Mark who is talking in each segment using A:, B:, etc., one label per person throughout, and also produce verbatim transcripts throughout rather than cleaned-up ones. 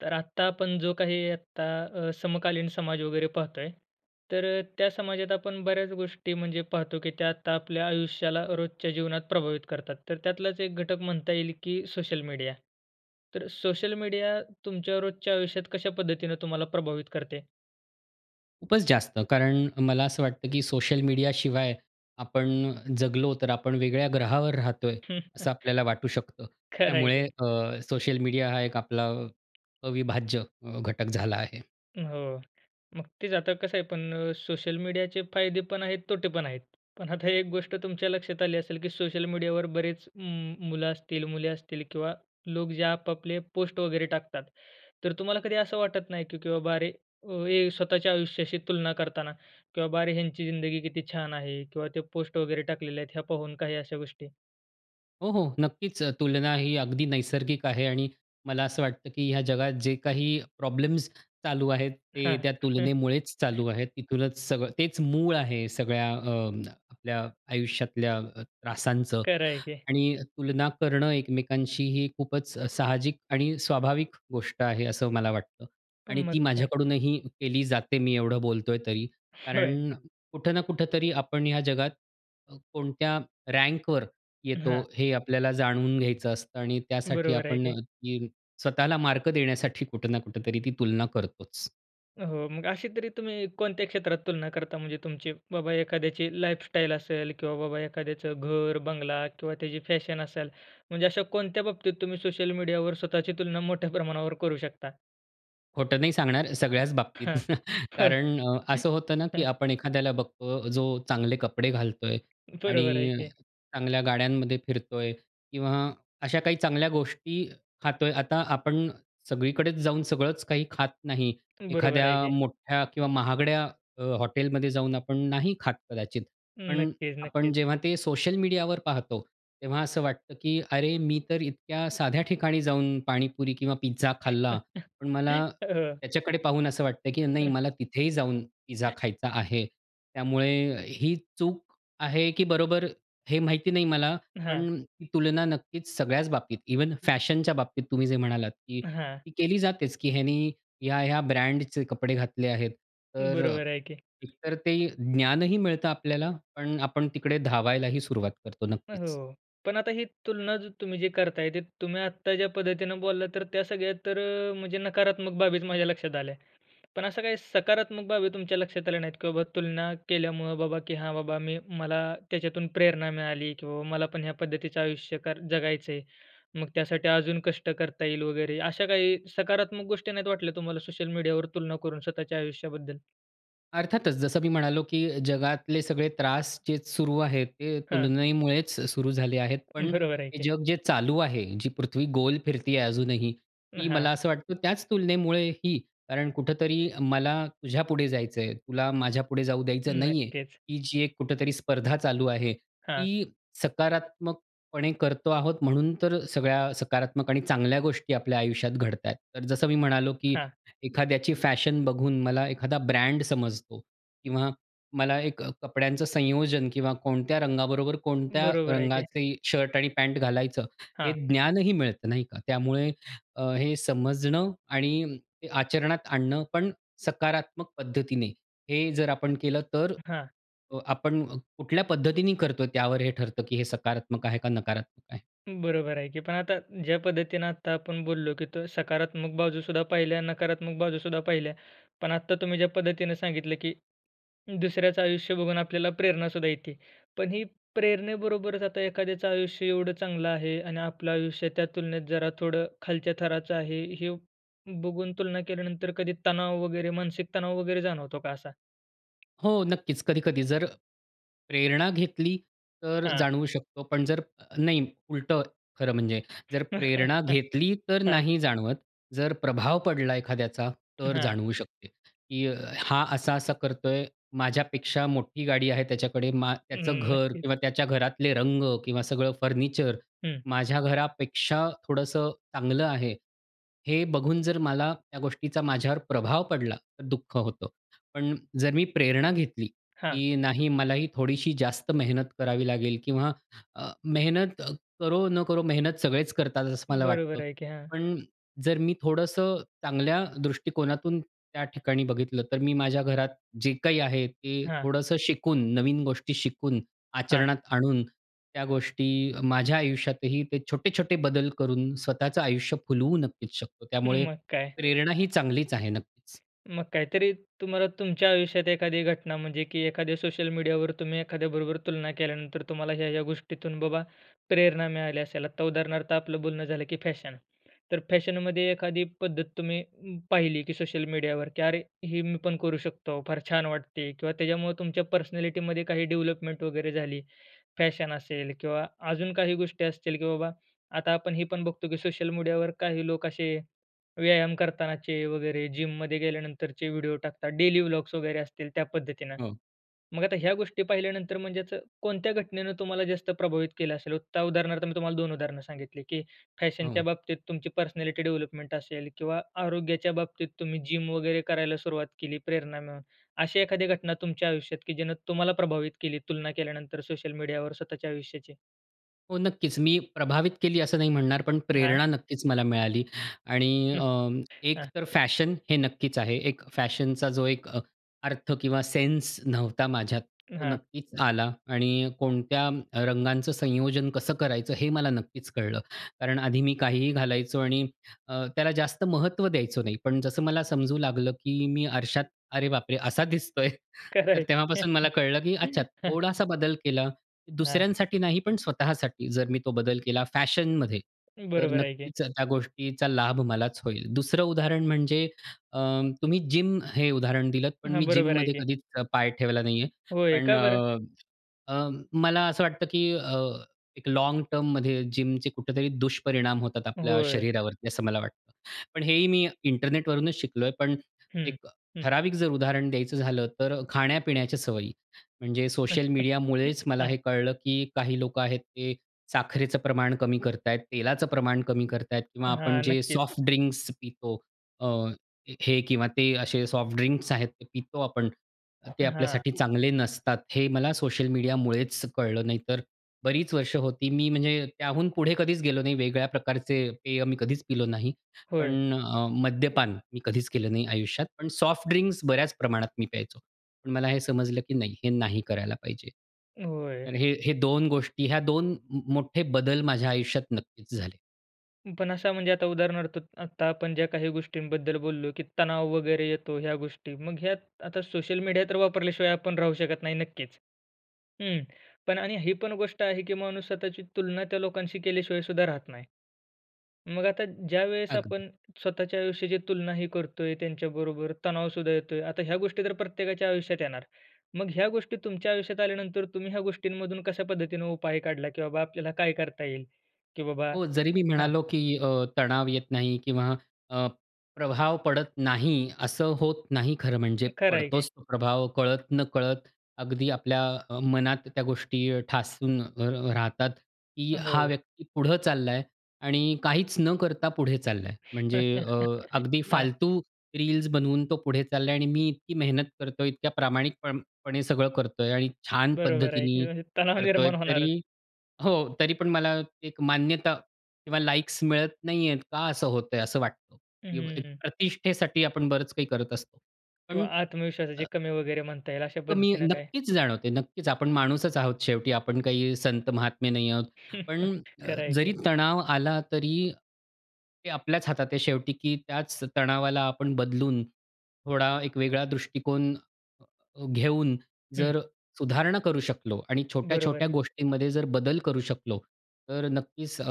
A: तर आता आपण जो काही आता अ समकालीन समाज वगैरे पाहतोय, तर त्या समाजात आपण बऱ्याच गोष्टी म्हणजे पाहतो की त्या आता आपल्या आयुष्याला रोजच्या जीवनात प्रभावित करतात. तर त्यातलाच एक घटक म्हणता येईल की सोशल मीडिया. तर सोशल मीडिया तुमच्या रोजच्या आयुष्यात कशा पद्धतीने तुम्हाला प्रभावित करते?
B: खूपच जास्त कारण मला असं वाटतं, की सोशल मीडिया शिवाय आपण अ, जगलो तर आपण वेगळ्या ग्रहावर राहतोय असं आपल्याला वाटू शकतं.
A: खरं आहे
B: त्यामुळे
A: की.
B: अ, सोशल मीडिया हा एक आपला अ, अविभाज्य घटक झाला आहे.
A: हो. मग तेच आता कसं आहे पण अ, सोशल मीडियाचे फायदे पण आहेत तोटे पण आहेत. पण आता एक गोष्ट तुमच्या लक्षात आली असेल, की सोशल मीडियावर बरेच उम्म मुलं असतील, मुले असतील किंवा लोक जे आपआपले पोस्ट वगैरे टाकतात. तर तुम्हाला कधी असं वाटत नाही, की बाबा अरे, हे स्वतःच्या आयुष्याशी तुलना करताना, की बाबा अरे, ह्यांची जिंदगी किती छान आहे किंवा ते पोस्ट वगैरे टाकलेले आहेत ह्या पाहून काही अशा गोष्टी?
B: हो, हो. नक्कीच तुलना ही अगदी नैसर्गिक आहे आणि मला असं वाटतं, की ह्या जगात जे काही प्रॉब्लेम्स चालू आहेत ते
A: हां,
B: त्या
A: हं.
B: तुलनेमुळेच चालू आहेत. तिथूनच सगळं तेच मूळ आहे सगळ्या अ, आपल्या आयुष्यातल्या अ, त्रासांचं
A: खरं आहे की.
B: आणि तुलना करणं एकमेकांशी ही खूपच साहजिक आणि, स्वाभाविक गोष्ट आहे असं मला वाटतं.
A: पण
B: आणि
A: मग
B: ती
A: काय?
B: माझ्याकडूनही केली जाते मी एवढं बोलतोय तरी
A: होय.
B: कारण कुठं ना कुठेतरी आपण ह्या जगात [unintelligible] कोणत्या रँकवर येतो
A: हां.
B: हे आपल्याला जाणून घ्यायचं असतं. आणि त्यासाठी
A: बरोबर आहे
B: आपण
A: की.
B: [unintelligible] स्वतःला मार्क देण्यासाठी कुठं ना कुठेतरी ती तुलना करतोच.
A: हो, मग अशी तरी तुम्ही कोणत्या क्षेत्रात तुलना करता म्हणजे तुमची बाबा एखाद्याची लाईफस्टाईल असेल किंवा बाबा एखाद्याचं घर, बंगला किंवा त्याची फॅशन असेल. म्हणजे अशा कोणत्या बाबतीत तुम्ही सोशल मीडियावर स्वतःची तुलना मोठ्या प्रमाणावर करू शकता?
B: खोटं नाही सांगणार, सगळ्याच बाबतीत
A: हां. होय.
B: कारण अ, असं होतं ना की आपण एखाद्याला बघतो, जो चांगले कपडे घालतोय
A: बरोबर आहे
B: आणि
A: की.
B: चांगल्या गाड्यांमध्ये फिरतोय, किंवा अशा काही चांगल्या गोष्टी खातोय. आता आपण सगळीकडेच जाऊन सगळंच काही खात नाही.
A: बरोबर
B: एखाद्या
A: आहे की.
B: मोठ्या किंवा महागड्या अ, हॉटेलमध्ये जाऊन आपण नाही खात कदाचित. पण
A: नक्कीच,
B: आपण
A: नक्कीच.
B: जेव्हा ते सोशल मीडियावर पाहतो, तेव्हा असं वाटतं की "अरे, मी तर इतक्या साध्या ठिकाणी जाऊन पाणीपुरी किंवा पिझ्झा खाल्ला पण मला
A: हो.
B: त्याच्याकडे पाहून असं वाटतंय हे की नाही मला तिथेही जाऊन पिझ्झा खायचा आहे." त्यामुळे ही चूक आहे की बरोबर, हे माहिती नाही मला, पण
A: हां.
B: ही तुलना नक्कीच सगळ्याच बाबतीत. इव्हन फॅशनच्या बाबतीत तुम्ही जे म्हणालात, की
A: हां.
B: ती केली जातेच की ह्यानी ह्या-ह्या ब्रँडचे कपडे घातले आहेत. तर अ,
A: बरोबर आहे की.
B: एक तर ते ज्ञानही मिळतं आपल्याला, पण आपण तिकडे धावायलाही सुरुवात करतो, नक्कीच.
A: हो. पण आता ही तुलना ज तुम्ही जी करताय ते तुम्ही आत्ता ज्या पद्धतीनं बोलला, तर त्या सगळ्या तर अ, म्हणजे नकारात्मक बाबीच माझ्या लक्षात आल्या. पण अशा काही सकारात्मक बाबी तुमच्या लक्षात आल्या नाहीत का? की बाबा तुलना केल्यामुळं बाबा, की "हां बाबा मी मला त्याच्यातून प्रेरणा मिळाली, की बाबा मला पण ह्या पद्धतीचं आयुष्य कर जगायचंय. मग त्यासाठी अजून कष्ट करता येईल वगैरे." अशा काही सकारात्मक गोष्टी नाहीत वाटल्या तुम्हाला सोशल मीडियावर तुलना करून स्वतःच्या आयुष्याबद्दल?
B: अर्थातच जसं मी म्हणालो की जगातले सगळे त्रास जे सुरू आहेत. ते
A: हां.
B: तुलनेमुळेच सुरू झाले आहेत. पण
A: बरोबर आहे
B: हे
A: की.
B: जग जे चालू आहे, जी पृथ्वी गोल फिरती आहे अजूनही, ती
A: हां.
B: मला असं वाटतं त्याच तुलनेमुळे ही, कारण कुठेतरी मला तुझ्यापुढे जायचं आहे, तुला माझ्यापुढे जाऊ द्यायचं नाही आहे.
A: नक्कीच.
B: ही जी एक कुठेतरी स्पर्धा चालू आहे.
A: हां.
B: ती सकारात्मकपणे करतो आहोत, म्हणून तर सगळ्या सकारात्मक आणि चांगल्या गोष्टी आपल्या आयुष्यात घडत आहे. तर जसं मी म्हणालो, की
A: हां.
B: एखाद्याची फॅशन बघून मला एखादा ब्रँड समजतो किंवा मला एक अ, कपड्यांचं संयोजन किंवा कोणत्या रंगाबरोबर कोणत्या
A: बरोबर आहे की.
B: रंगाचे शर्ट आणि पॅन्ट घालायचं हे
A: हां.
B: ज्ञानही मिळतं. नाही का? त्यामुळे अ, हे समजणं आणि आचरणात आणणं पण सकारात्मक पद्धतीने, हे जर आपण केलं, तर
A: हां.
B: अ, आपण कुठल्या पद्धतीने करतो, त्यावर हे ठरतं, की हे सकारात्मक आहे का नकारात्मक आहे?
A: बरोबर आहे की. पण आता ज्या पद्धतीनं आता आपण बोललो, की तर सकारात्मक बाजूसुद्धा पाहिल्या, नकारात्मक बाजूसुद्धा पाहिल्या. पण आत्ता तुम्ही ज्या पद्धतीने सांगितलं की दुसऱ्याचं आयुष्य बघून आपल्याला प्रेरणासुद्धा येते. पण ही प्रेरणेबरोबरच, आता एखाद्याचं आयुष्य एवढं चांगलं आहे आणि आपलं आयुष्य त्या तुलनेत जरा थोडं खालच्या थराचं आहे. हे बघून तुलना केल्यानंतर, कधी तणाव वगैरे मानसिक तणाव वगैरे जाणवतो का असा?
B: हो नक्कीच, कधी-कधी जर प्रेरणा घेतली तर
A: हां.
B: जाणवू शकतो. पण जर अ, नाही उलटं खरं म्हणजे जर प्रेरणा घेतली तर
A: हां.
B: नाही जाणवत. जर प्रभाव पडला एखाद्याचा तर
A: हां.
B: जाणवू शकते की अ, हां, असा-असा करतोय. माझ्यापेक्षा मोठी गाडी आहे त्याच्याकडे, मा त्याचं
A: हं.
B: घर
A: नक्कीच.
B: किंवा त्याच्या घरातले रंग किंवा सगळं फर्निचर
A: हं.
B: माझ्या घरापेक्षा थोडंसं चांगलं आहे. हे बघून जर मला त्या गोष्टीचा माझ्यावर प्रभाव पडला तर दुःख होतं. पण जर मी प्रेरणा घेतली
A: हां.
B: की नाही मलाही थोडीशी जास्त मेहनत करावी लागेल किंवा अ, मेहनत अ, करो न करो, मेहनत सगळेच करतात असं मला
A: बरोबर
B: वाटतं.
A: आहे की, हां.
B: पण जर मी थोडंसं चांगल्या दृष्टिकोनातून त्या ठिकाणी बघितलं, तर मी माझ्या घरात जे काही आहे ते
A: हां.
B: थोडंसं शिकून, नवीन गोष्टी शिकून,
A: हां.
B: आचरणात आणून त्या गोष्टी अ, माझ्या आयुष्यातही ते छोटे-छोटे बदल करून स्वतःचं आयुष्य फुलवू नक्कीच शकतो. त्यामुळे
A: मग काय.
B: प्रेरण ही चांगलीच आहे नक्कीच.
A: मग काहीतरी तुम्हाला तुमच्या आयुष्यात एखादी घटना म्हणजे की एखाद्या सोशल मीडियावर, तुम्ही एखाद्याबरोबर तुलना केल्यानंतर तुम्हाला, ह्या, ह्या गोष्टीतून बाबा प्रेरणा मिळाली असेल. आता उदाहरणार्थ आपलं बोलणं झालं की फॅशन. तर फॅशनमध्ये एखादी पद्धत तुम्ही पाहिली की सोशल मीडियावर की, अरे! हे मी पण करू शकतो, फार छान वाटते. किंवा त्याच्यामुळं तुमच्या पर्सनॅलिटीमध्ये काही डेव्हलपमेंट वगैरे झाली. फॅशन असेल किंवा अजून काही गोष्टी असतील, की बाबा आता आपण हे पण बघतो, की सोशल मीडियावर काही लोक असे व्यायाम करतानाचे वगैरे जिममध्ये गेल्यानंतरचे व्हिडिओ टाकतात. डेली ब्लॉग्स वगैरे असतील त्या पद्धतीने.
B: हो.
A: मग आता ह्या गोष्टी पाहिल्यानंतर, म्हणजे असं कोणत्या घटनेनं तुम्हाला जास्त प्रभावित केलं असेल? [unintelligible] त्या उदाहरणार्थ मी तुम्हाला दोन उदाहरण सांगितली, की फॅशनच्या
B: हो.
A: बाबतीत तुमची पर्सनॅलिटी डेव्हलपमेंट असेल किंवा आरोग्याच्या बाबतीत तुम्ही जिम वगैरे करायला सुरुवात केली प्रेरणानं, अशी एखादी घटना तुमच्या आयुष्यात की जिने तुम्हाला प्रभावित केली, तुलना केल्यानंतर सोशल मीडियावर स्वतःच्या आयुष्याची?
B: हो, नक्कीच. मी प्रभावित केली असं नाही म्हणणार, पण
A: हां.
B: प्रेरणा नक्कीच मला मिळाली आणि अ, एक
A: हां.
B: तर फॅशन हे नक्कीच आहे. एक फॅशनचा जो एक अ, अर्थ किंवा सेन्स नव्हता माझ्यात, तो
A: हां.
B: नक्कीच आला आणि कोणत्या अ, रंगांच संयोजन कसं करायचं हे मला नक्कीच कळलं. कारण आधी मी काहीही घालायचो आणि अ, त्याला जास्त महत्व द्यायचो नाही. पण जसं मला समजू लागलं की मी आरशात अरे बापरे! असा दिसतोय.
A: खरं
B: तर
A: आहे की.
B: तेव्हापासून मला कळलं की अच्छा थोडासा बदल केला,
A: हां.
B: दुसऱ्यांसाठी नाही पण स्वतःसाठी जर मी तो बदल केला फॅशनमध्ये तर
A: बरोबर आहे की.
B: नक्कीच त्या गोष्टीचा लाभ मलाच होईल. दुसरं उदाहरण म्हणजे अ, तुम्ही जिम हे उदाहरण दिलत पण
A: हां,
B: मी जिम
A: बरोबर आहे
B: मध्ये
A: की.
B: कधीच पाय ठेवला नाही आहे.
A: होय,
B: पण
A: का बरं?
B: अ, अ, मला असं वाटतं की अ, एक लाँग टर्ममध्ये जिम चे कुठेतरी दुष्परिणाम होतात आपल्या
A: होय.
B: शरीरावरती असं मला वाटतं. पण हे ही मी इंटरनेट वरूनच शिकलोय पण
A: हं,
B: एक
A: हं.
B: ठराविक जर उदाहरण द्यायचं झालं तर खाण्यापिण्याच्या सवयी. म्हणजे सोशल मीडियामुळेच मला
A: हां.
B: हे कळलं की काही लोकं आहेत, ते साखरेचं प्रमाण कमी करत आहेत, तेलाचं प्रमाण कमी करत आहेत किंवा आपण
A: हां,
B: जे
A: नक्कीच.
B: सॉफ्ट ड्रिंक्स पितो अ, हे किंवा ते असे सॉफ्ट ड्रिंक्स आहेत ते पितो आपण. तर ते
A: हां.
B: आपल्यासाठी चांगले नसतात. हे मला सोशल मीडियामुळेच कळलं, नाही तर बरीच वर्ष होती मी म्हणजे त्याहून पुढे कधीच गेलो नाही. वेगळ्या प्रकारचे पेय मी कधीच पिलो नाही.
A: होय.
B: पण अ, मद्यपान मी कधीच केलं नाही आयुष्यात. पण सॉफ्ट ड्रिंक्स बऱ्याच प्रमाणात मी प्यायचो. पण मला हे समजलं की नाही, हे नाही करायला पाहिजे.
A: होय.
B: तर हे हे दोन गोष्टी ह्या दोन म मोठे बदल माझ्या आयुष्यात नक्कीच झाले.
A: पण असा म्हणजे आता उदाहरणार्थ आता आपण ज्या काही गोष्टींबद्दल बोललो, की तणाव वगैरे येतो ह्या गोष्टी मग ह्यात आता सोशल मीडिया तर वापरल्याशिवाय आपण राहू शकत नाही नक्कीच. हं पण आणि ही पण गोष्ट आहे, की माणूस स्वतःची तुलना त्या लोकांशी केल्याशिवायसुद्धा राहत नाही. मग आता ज्यावेळेस
B: अगदी.
A: आपण स्वतःच्या आयुष्याची तुलना ही करतोय त्यांच्याबरोबर तणावसुद्धा येतोय. आता ह्या गोष्टी तर प्रत्येकाच्या आयुष्यात येणार. मग ह्या गोष्टी तुमच्या आयुष्यात आल्यानंतर तुम्ही ह्या गोष्टींमधून कशापद्धतीने उपाय काढला, की बाबा आपल्याला काय करता येईल, की बाबा?
B: हो, जरी मी
A: हां.
B: म्हणालो, की अ, तणाव येत नाही किंवा अ, प्रभाव पडत नाही असं होत नाही खरं म्हणजे;
A: खर आहे की.
B: पडतोच तो प्रभाव कळत-नकळत. अगदी आपल्या अ, मनात त्या गोष्टी ठासून अ, अ, राहतात, की हा
A: हो.
B: व्यक्ती पुढं चालला आहे आणि काहीच न करता पुढे चालला आहे. म्हणजे अ, अगदी
A: हां.
B: फालतू रील्स बनवून तो पुढे चालला आहे आणि मी इतकी मेहनत करतोय, इतक्या प्रामाणिकपणे सगळं करतोय, आणि छान
A: बरोबर आहे की
B: पद्धतीने
A: म्हणजे तणाव
B: करतोय,
A: निर्माण होणारच.
B: तरी हो, तरी पण मला एक मान्यता किंवा लाइक्स मिळत नाही आहेत. का असं होतंय? असं वाटतं.
A: हं, हं,
B: एक
A: हं.
B: प्रतिष्ठेसाठी आपण बरंच काही करत असतो. पण
A: किंवा
B: अ
A: आत्मविश्वासाची कमी वगैरे म्हणता येईल अशा
B: कमी
A: पद्धतीने काय?
B: नक्कीच जाणवते. नक्कीच आपण माणूसच आहोत शेवटी आपण काही संत महात्मे नाही आहोत. पण
A: खरंय की.
B: जरी तणाव आला तरी, ते आपल्याच हातात आहे शेवटी, की त्याच तणावाला आपण बदलून, थोडा एक वेगळा दृष्टिकोन अ, घेऊन,
A: हं.
B: जर सुधारणा करू शकलो आणि
A: बरोबर
B: छोट्या-छोट्या
A: आहे.
B: गोष्टींमध्ये जर बदल करू शकलो, तर नक्कीच अ,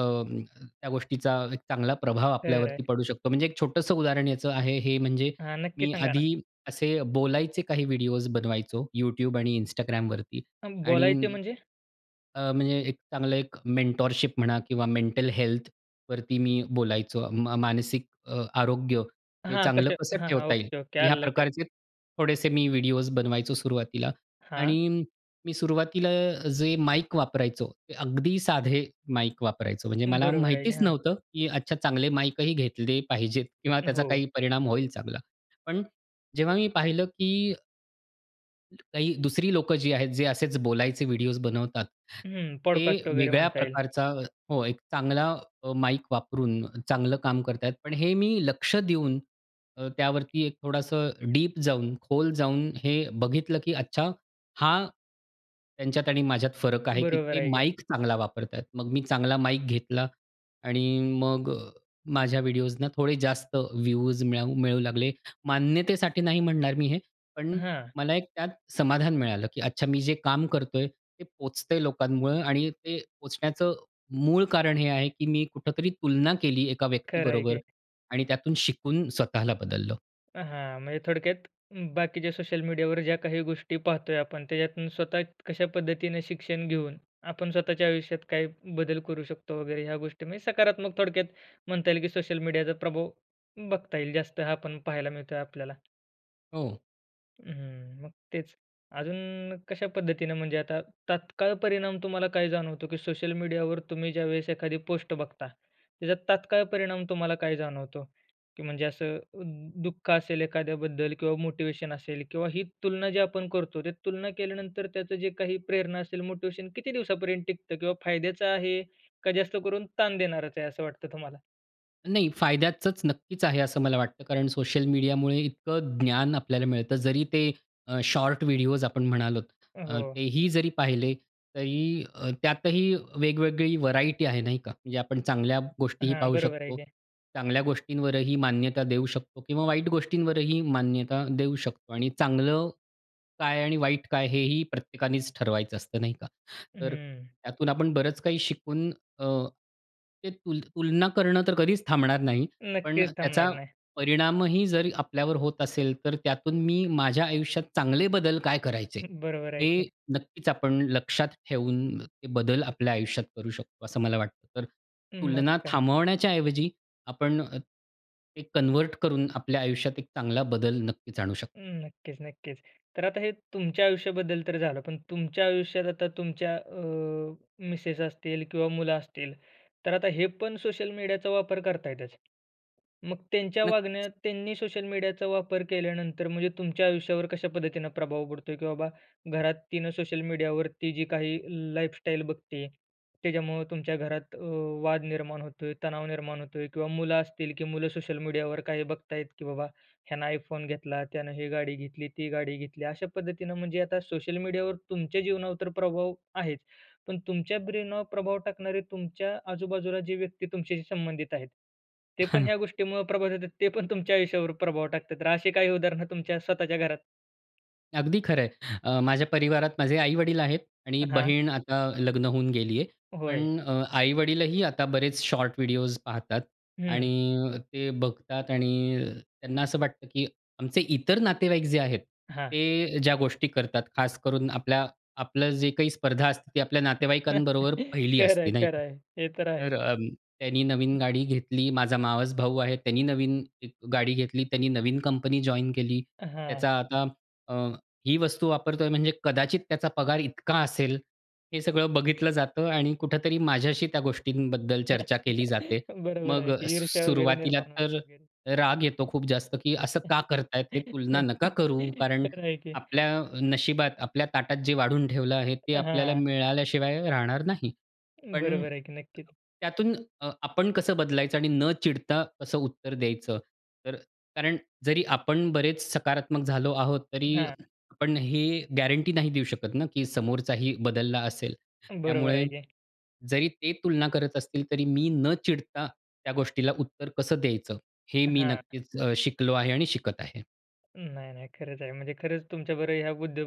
B: त्या गोष्टीचा एक चांगला प्रभाव
A: खरंय.
B: आपल्यावरती पडू शकतो. म्हणजे एक छोटंसं उदाहरण याचं आहे हे म्हणजे
A: हां, नक्की
B: मी
A: सांगा ना.
B: आधी असे बोलायचे काही व्हिडिओज बनवायचो YouTube आणि Instagramवरती आणि
A: बोलायचे म्हणजे?
B: अ, म्हणजे एक चांगलं एक मेंटॉरशिप म्हणा किंवा मेंटल हेल्थवरती मी बोलायचो म मानसिक अ, आरोग्य हे
A: हां,
B: चांगलं
A: कशा
B: कसं
A: हां, हां,
B: ठेवता येईल?
A: ओके, ओके,
B: ह्या
A: आलं लक्षात.
B: प्रकारचे थोडेसे मी व्हिडिओज बनवायचो सुरुवातीला.
A: हां.
B: आणि मी सुरुवातीला जे माईक वापरायचो ते अगदी साधे माईक वापरायचो. म्हणजे मला
A: बरोबर आहे की.
B: माहितीच
A: हां.
B: नव्हतं, की अच्छा चांगले माईकही घेतले पाहिजेत किंवा त्याचा
A: हो.
B: काही परिणाम होईल चांगला. पण जेव्हा मी पहिलं, की काही दुसरी लोकं जी आहेत, जे असेच बोलायचे व्हिडिओस बनवतात,
A: हं,
B: ते
A: पॉडकास्ट वगैरे
B: वेगळ्या
A: म्हणता येईल.
B: प्रकारचा हो, एक चांगला अ, माईक वापरून चांगलं काम करत आहेत. पण हे मी लक्ष देऊन, अ, त्यावरती एक थोडंसं डीप जाऊन, खोल जाऊन हे बघितलं, की अच्छा हां, त्यांच्यात आणि माझ्यात फरक आहे, की
A: बरोबर
B: ते
A: आहे की.
B: माईक चांगला वापरतायत. मग मी चांगला माईक घेतला आणि मग माझ्या व्हिडिओसना थोडे जास्त व्ह्यूज मिळू मिळू लागले. मान्यतेसाठी नाही म्हणणार मी हे, पण
A: हां.
B: मला एक त्यात समाधान मिळालं, की अच्छा, मी जे काम करतोय, ते पोहोचतंय लोकांमुळे आणि ते पोहोचण्याचं मूळ कारण हे आहे, की मी कुठेतरी तुलना केली एका
A: खर आहे
B: व्यक्तीबरोबर
A: की.
B: आणि त्यातून शिकून स्वतःला बदललं.
A: हां, म्हणजे थोडक्यात, बाकीच्या सोशल मीडियावर ज्या काही गोष्टी पाहतोय आपण, त्याच्यातून स्वतः कशा पद्धतीने शिक्षण घेऊन, आपण स्वतःच्या आयुष्यात काही बदल करू शकतो वगैरे, ह्या गोष्टी म्हणजे सकारात्मक, थोडक्यात म्हणता येईल, की सोशल मीडियाचा प्रभाव बघता येईल जास्त, हा पण पाहायला मिळतोय आपल्याला.
B: हो.
A: हं, मग तेच, अजून कशा पद्धतीने, म्हणजे आता तात्काळ परिणाम तुम्हाला काय जाणवतो? की सोशल मीडियावर तुम्ही ज्यावेळेस एखादी पोस्ट बघता, त्याच्यात तात्काळ परिणाम तुम्हाला काय जाणवतो? की म्हणजे असं अ, दुःख असेल एखाद्याबद्दल किंवा मोटिव्हेशन असेल, किंवा ही तुलना जी आपण करतो, त्या तुलना केल्यानंतर त्याचं जे काही प्रेरणा असेल, मोटिव्हेशन किती दिवसांपर्यंत टिकतं, किंवा फायद्याचं आहे का? जास्त करून ताण देणारच आहे. असं वाटतं तुम्हाला?
B: नाही फायद्याचचं नक्कीच आहे असं मला वाटतं. कारण सोशल मीडियामुळे इतकं ज्ञान आपल्याला मिळतं जरी ते अ, शॉर्ट व्हिडिओस आपण म्हणालोत अ,
A: हो.
B: ते ही जरी पाहिले तरी त्यातही वेगवेगळी व्हेरायटी आहे नाही का? म्हणजे आपण चांगल्या गोष्टीही
A: हां.
B: पाहू
A: बरोबर आहे
B: शकतो.
A: की.
B: चांगल्या गोष्टींवरही मान्यता देऊ शकतो किंवा वाईट गोष्टींवरही मान्यता देऊ शकतो. आणि चांगलं काय? आणि वाईट काय? हे ही प्रत्येकानेच ठरवायचं असतं, नाही का? तर
A: हं.
B: त्यातून आपण बरंच काही शिकून अ, ते तुल तुलना करणं तर कधीच थांबणार नाही. पण
A: नक्कीच
B: त्याचा
A: थांबणार नाही.
B: परिणामही जर आपल्यावर होत असेल तर त्यातून मी माझ्या आयुष्यात चांगले बदल काय करायचे,
A: हं. बरोबर आहे
B: हे
A: की.
B: नक्कीच आपण लक्षात ठेवून ते बदल आपल्या आयुष्यात करू शकतो, असं मला वाटतं. तर
A: मग
B: तुलना
A: काय?
B: थांबवण्याच्या ऐवजी आपण ते कन्व्हर्ट करून, आपल्या आयुष्यात एक चांगला बदल नक्कीच आणू शकतो.
A: हं. नक्कीच, नक्कीच. तर आता हे तुमच्या आयुष्याबद्दल तर झालं. पण तुमच्या आयुष्यात आता तुमच्या अ, मिसेस असतील किंवा मुलं असतील, तर आता हे पण सोशल मीडियाचा वापर करतायतच. मग त्यांच्या
B: नक्कीच.
A: वागण्यात, त्यांनी सोशल मीडियाचा वापर केल्यानंतर म्हणजे तुमच्या आयुष्यावर कशा पद्धतीनं प्रभाव पडतोय की बाबा, घरात तिनं सोशल मीडियावरती जी काही लाईफ स्टाईल बघती, त्याच्यामुळं तुमच्या घरात अ, वाद निर्माण होतोय, तणाव निर्माण होतोय किंवा मुलं असतील, की मुलं सोशल मीडियावर काही बघतायत की बाबा, ह्यानं आयफोन घेतला, त्यानं ही गाडी घेतली, ती गाडी घेतली. अशा पद्धतीनं म्हणजे आता सोशल मीडियावर तुमच्या जीवनावर तर प्रभाव आहेच. पण तुमच्या ब्रेनवर प्रभाव टाकणारे तुमच्या आजूबाजूला जे व्यक्ती तुमच्याशी संबंधित आहेत, ते पण ह्या गोष्टीमुळं प्रभावित होतात, ते पण तुमच्या आयुष्यावर प्रभाव टाकतात. तर अशी काही उदाहरण तुमच्या स्वतःच्या घरात?
B: अगदी खरं आहे. अ, माझ्या परिवारात माझे आई-वडील आहेत आणि
A: हां.
B: बहीण आता लग्न होऊन गेली आहे.
A: होय.
B: पण अ, आई-वडीलही आता बरेच शॉर्ट व्हिडिओस पाहतात
A: हं.
B: आणि ते बघतात आणि त्यांना असं वाटतं, की आमचे इतर नातेवाईक जे आहेत,
A: हां.
B: ते ज्या गोष्टी करतात खास करून, आपल्या आपलं जे काही स्पर्धा असते, ती आपल्या नातेवाईकांबरोबर पहिली
A: खरं आहे,
B: असती नाही
A: खरं
B: का?
A: आहे. हे तर आहे.
B: तर त्यांनी नवीन
A: हं.
B: गाडी घेतली. माझा मावस भाऊ आहे. त्यानी नवीन गाडी घेतली. त्यांनी नवीन कंपनी जॉइन केली.
A: हां.
B: त्याचा आता अ, ही वस्तू वापरतोय म्हणजे कदाचित त्याचा पगार इतका असेल. हे सगळं बघितलं जातं आणि कुठेतरी माझ्याशी त्या गोष्टींबद्दल चर्चा केली जाते.
A: बरोबर
B: मग
A: आहे, की ईर्ष्या वगैरे
B: सुरुवातीला
A: निर्माण
B: तर
A: होते. [unintelligible]
B: राग येतो खूप जास्त, की असं का करत आहेत हे? तुलना नका करू, कारण
A: खरं आहे की.
B: आपल्या नशिबात, आपल्या ताटात, जे वाढून ठेवलं आहे, ते आपल्याला
A: हां.
B: मिळाल्याशिवाय राहणार नाही. पण,
A: बरोबर आहे की नक्कीच.
B: त्यातून अ, आपण कसं बदलायचं आणि न चिडता कसं उत्तर द्यायचं. तर कारण, जरी आपण बरेच सकारात्मक झालो आहोत, तरी
A: हां.
B: आपण हे गॅरंटी नाही देऊ शकत ना, की समोरचाही बदलला असेल.
A: बरोबर
B: त्यामुळे
A: आहे की.
B: जरी ते तुलना करत असतील तरी, मी न चिडता त्या गोष्टीला उत्तर कसं द्यायचं? हे मी
A: हां.
B: नक्कीच अ, शिकलो आहे आणि शिकत आहे.
A: नाही, नाही, खरंच आहे. म्हणजे खरंच तुमच्या बरोबर ह्या मुद्या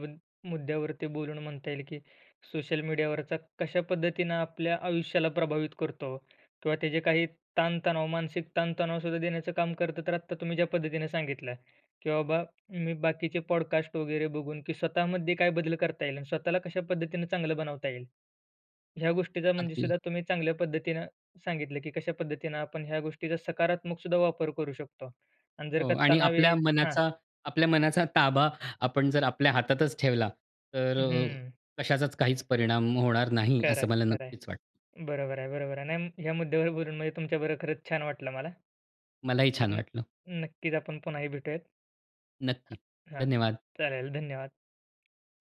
A: मुद्द्यावरती बोलून म्हणता येईल, की सोशल मीडियावरचा कशा पद्धतीनं आपल्या आयुष्याला प्रभावित करतो किंवा त्याचे काही ताण-तणाव, मानसिक ताण-तणाव सुद्धा देण्याचं काम करतं. तर आत्ता तुम्ही ज्या पद्धतीने सांगितलं, की बाबा, मी बाकीचे पॉडकास्ट वगैरे बघून, की स्वतःमध्ये काय बदल करता येईल आणि स्वतःला कशा पद्धतीने चांगलं बनवता येईल. ह्या गोष्टीचा म्हणजे
B: अगदी.
A: सुद्धा तुम्ही चांगल्या पद्धतीने सांगितलं, की कशा पद्धतीनं आपण ह्या गोष्टीचा सकारात्मक सुद्धा वापर करू शकतो. आणि जर
B: हो
A: का
B: आणि
A: तणाव
B: आपल्या
A: येईल हां.
B: मनाचा आपल्या मनाचा ताबा आपण जर आपल्या हातातच ठेवला तर अ,
A: हं.
B: कशाचाच काहीच परिणाम होणार नाही
A: खरं आहे,
B: असं मला
A: खरं
B: नक्कीच
A: आहे.
B: वाटतं.
A: बरोबर आहे, बरोबर आहे. नाही, या मुद्द्यावर बोलून म्हणजे तुमच्या बरोबर खरंच छान वाटलं मला.
B: मलाही छान
A: तर
B: वाटलं.
A: नक्कीच आपण पुन्हाही भेटूयात.
B: नक्की.
A: हां, हां.
B: धन्यवाद.
A: चालेल. धन्यवाद हां.